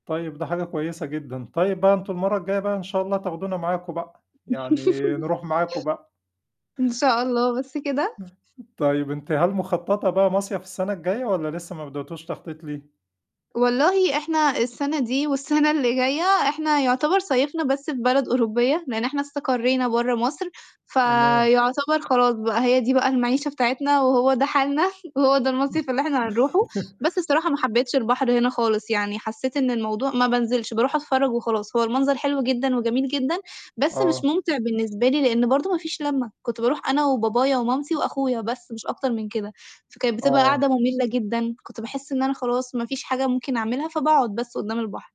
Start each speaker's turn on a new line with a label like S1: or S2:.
S1: طيب ده حاجة كويسة جدًا. طيب بقى أنتم المرّة الجاية بقى إن شاء الله تاخدونا معاكم بقى، يعني نروح معاكم بقى.
S2: إن شاء الله، بس كده؟
S1: طيب أنتِ هل مخططة بقى مصيف السَنة الجاية والّا لسه ما بدأتوش تخطيط ليه؟
S2: والله إحنا السَنة دي، والسَنة اللي جاية إحنا يعتبر صيّفنا بس في بلد أوروبية، لإن إحنا استقرينا برّا مصر،
S1: تمام.
S2: فيعتبر خلاص بقى هي دي بقى المَعيشة بتاعتنا وهو ده حالنا وهو ده المصيف اللي إحنا هنروحه، بس الصراحة ما حبيتش البحر هنا خالص، يعني حسّيت إن الموضوع ما بانزلش، باروح أتفرّج وخلاص، هو المنظر حلو جدًا وجميل جدًا، بس مش
S1: آه.
S2: مُمتع بالنسبة لي لإن برضه ما فيش لمّة، كنت باروح أنا وبابايا ومامتي وأخويا بس مش أكتر من كده، فكانت بتبقى
S1: آه.
S2: قعدة مُمِلة جدًا، كنت باحس إن أنا خلاص ما فيش حاجة ممكن أعملها، فباقعُد بس قدّام البحر.